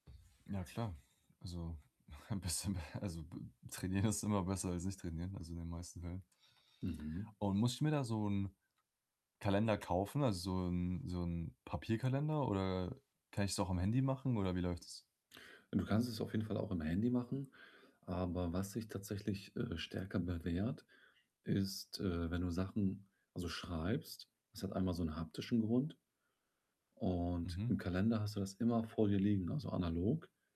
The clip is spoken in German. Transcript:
Ja, klar. Also, ein bisschen b also b trainieren ist immer besser als nicht trainieren, also in den meisten Fällen. Mhm. Und muss ich mir da so 'n Kalender kaufen, also so 'n so 'n Papierkalender oder kann ich's auch am Handy machen oder wie läuft das? Du kannst es auf jeden Fall auch im Handy machen, aber was sich tatsächlich, äh, stärker bewährt, ist, äh, wenn du Sachen also schreibst, das hat einmal so 'n haptischen Grund und Mhm. im Kalender hast du das immer vor dir liegen, also analog.